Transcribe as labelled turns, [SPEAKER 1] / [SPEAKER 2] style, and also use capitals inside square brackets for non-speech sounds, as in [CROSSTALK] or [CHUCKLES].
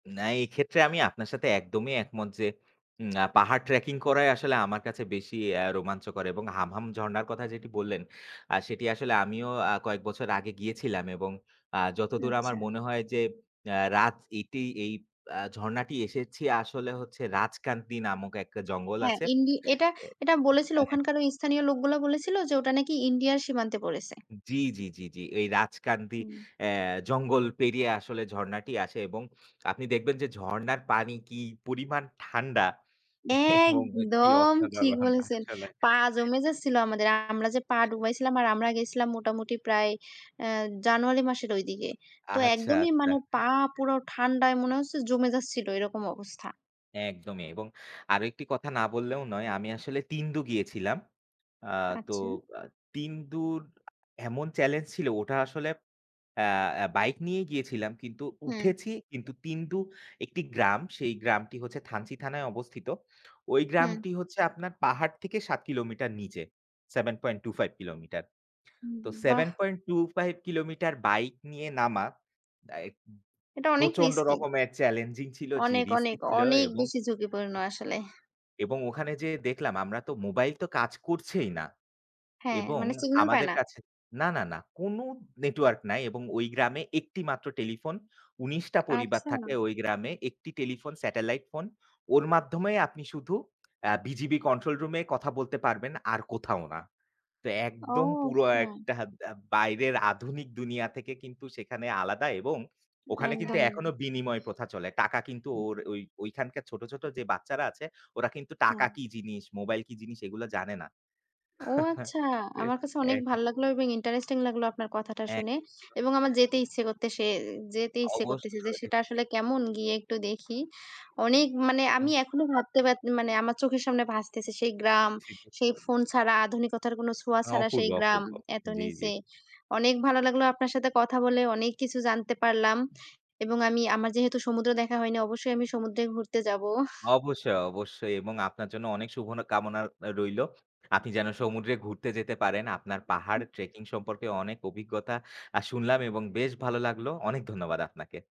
[SPEAKER 1] না, এই ক্ষেত্রে আমি আপনার সাথে একদমই একমত যে, আ পাহাড় ট্রাকিং করাই আসলে আমার কাছে বেশি আ রোমাঞ্চকর এবং হামহাম ঝর্ণার কথা যেটি বললেন আ সেটি আসলে আমিও আ কয়েক বছর আগে গিয়েছিলাম এবং আ যতদূর আমার
[SPEAKER 2] আচ্ছা।
[SPEAKER 1] মনে হয় যে আ রাত এটেই এই আ ঝর্ণাটি এসেছি আসলে হচ্ছে রাজকান্তী নামক একটা জঙ্গল
[SPEAKER 2] হ্যাঁ,
[SPEAKER 1] আছে
[SPEAKER 2] ইন্ডি এটা,
[SPEAKER 1] এ।
[SPEAKER 2] এটা বলেছিল
[SPEAKER 1] হ্যাঁ, হ্যাঁ।
[SPEAKER 2] ওখানকার ওই স্থানীয় লোকগুলা বলেছিল যে ওটা নাকি ইন্ডিয়ার সীমান্তে পড়েছে।
[SPEAKER 1] জি, জি, জি, জি। এই রাজকান্তী
[SPEAKER 2] হুম।
[SPEAKER 1] আ জঙ্গল পেরিয়ে আসলে ঝর্ণাটি আসে এবং আপনি দেখবেন যে ঝর্ণার পানি কি পরিমাণ ঠান্ডা এবং কি
[SPEAKER 2] একদম ঠিক
[SPEAKER 1] অসাধারণ
[SPEAKER 2] বলেছেন।
[SPEAKER 1] আসলে।
[SPEAKER 2] পা জমে যাচ্ছিল আমাদের। আমরা যে পা ডুবাইছিলাম আর আমরা গিয়েছিলাম মোটামুটি প্রায়, অ্যা জানুয়ারি মাসের ওই দিকে। তো
[SPEAKER 1] আচ্ছা,
[SPEAKER 2] একদমই
[SPEAKER 1] আচ্ছা।
[SPEAKER 2] মানে পা পুরো ঠান্ডায় মনে হচ্ছে জমে যাচ্ছিল, এরকম অবস্থা।
[SPEAKER 1] একদমই এবং আরও একটি কথা না বললেও নয়। আমি আসলে তিনদু গিয়েছিলাম। আ তো
[SPEAKER 2] আচ্ছা।
[SPEAKER 1] তিনদুর এমন চ্যালেঞ্জিং ছিল ওটা আসলে আ আ বাইক নিয়ে গিয়েছিলাম কিন্তু,
[SPEAKER 2] হুম।
[SPEAKER 1] উঠেছি। কিন্তু তিনদু একটি গ্রাম, সেই গ্রামটি হচ্ছে থানচি থানায় অবস্থিত। ওই
[SPEAKER 2] হুম।
[SPEAKER 1] গ্রামটি হচ্ছে আপনার পাহাড় থেকে ৭ কিলোমিটার নিচে, 7.25 কিলোমিটার।
[SPEAKER 2] হুম,
[SPEAKER 1] তো
[SPEAKER 2] বাহ!
[SPEAKER 1] 7.25 কিলোমিটার বাইক নিয়ে নামা আ
[SPEAKER 2] এটা অনেক
[SPEAKER 1] প্রচণ্ড
[SPEAKER 2] রিস্কি।
[SPEAKER 1] রকমের চ্যালেঞ্জিং ছিল, যে
[SPEAKER 2] অনেক,
[SPEAKER 1] রিস্কি
[SPEAKER 2] অনেক,
[SPEAKER 1] ছিলো।
[SPEAKER 2] অনেক বেশি ঝুঁকিপূর্ণ আসলে।
[SPEAKER 1] এবং ওখানে যেয়ে দেখলাম আমরা তো মোবাইল তো কাজ করছেই না
[SPEAKER 2] হ্যাঁ,
[SPEAKER 1] এবং
[SPEAKER 2] মানে signal পায়
[SPEAKER 1] আমাদের
[SPEAKER 2] না?
[SPEAKER 1] কাছে না, না, না কোন নেটওয়ার্ক নাই এবং ওই গ্রামে একটি মাত্র টেলিফোন। ১৯-টা পরিবার
[SPEAKER 2] আচ্ছা।
[SPEAKER 1] থাকে ওই গ্রামে। একটি টেলিফোন, স্যাটেলাইট ফোন। ওর মাধ্যমে আপনি শুধু আ বিজিবি কন্ট্রোল রুম-এ কথা বলতে পারবেন, আর কোথাও না। তো একদম
[SPEAKER 2] ওহ,
[SPEAKER 1] পুরো
[SPEAKER 2] না।
[SPEAKER 1] একটা বস বাইরের আধুনিক দুনিয়া থেকে কিন্তু সেখানে আলাদা, এবং ওখানে কিন্তু
[SPEAKER 2] একদম।
[SPEAKER 1] এখনো বিনিময় প্রথা চলে। টাকা কিন্তু ওর ওইখানকার ছোট, ছোট যে বাচ্চারা আছে ওরা কিন্তু টাকা
[SPEAKER 2] হুম।
[SPEAKER 1] কি জিনিস, মোবাইল কি জিনিস এগুলা জানে না।
[SPEAKER 2] ও
[SPEAKER 1] [CHUCKLES]
[SPEAKER 2] আচ্ছা,
[SPEAKER 1] তে
[SPEAKER 2] আমার কাছে অনেক
[SPEAKER 1] এ
[SPEAKER 2] ভালো লাগলো এবং, ইন্টারেস্টিং লাগলো আপনার কথাটা
[SPEAKER 1] হ্যাঁ।
[SPEAKER 2] শুনে এবং আমার যেতে ইচ্ছে করতেসে যেতে ইচ্ছে করতেছে যে
[SPEAKER 1] অবশ্যই।
[SPEAKER 2] সেটা আসলে কেমন, গিয়ে একটু দেখি। অনেক মানে
[SPEAKER 1] হুম।
[SPEAKER 2] আমি এখনো ভাবতে মানে আমার চোখের সামনে ভাসতেছে সেই গ্রাম,
[SPEAKER 1] ছিলো।
[SPEAKER 2] সেই ফোন ছাড়া, আধুনিকত্তর কোনো ছোঁয়া ছাড়া
[SPEAKER 1] অপূর্ব,
[SPEAKER 2] সেই গ্রাম,
[SPEAKER 1] অপূর্ব।
[SPEAKER 2] এত
[SPEAKER 1] জি, জি।
[SPEAKER 2] নিচে। অনেক ভালো লাগলো আপনার সাথে কথা বলে। অনেক কিছু জানতে পারলাম এবং আমি, আমার যেহেতু সমুদ্র দেখা হয়নি, অবশ্যই আমি সমুদ্রে ঘুরতে যাব।
[SPEAKER 1] অবশ্যই, অবশ্যই এবং আপনার জন্য অনেক শুভ কামনা রইল। আপনি যেন সমুদ্রে ঘুরতে যেতে পারেন। আপনার পাহাড় ট্রাকিং সম্পর্কে অনেক অভিজ্ঞতা আ শুনলাম এবং বেশ ভালো লাগলো। অনেক ধন্যবাদ আপনাকে।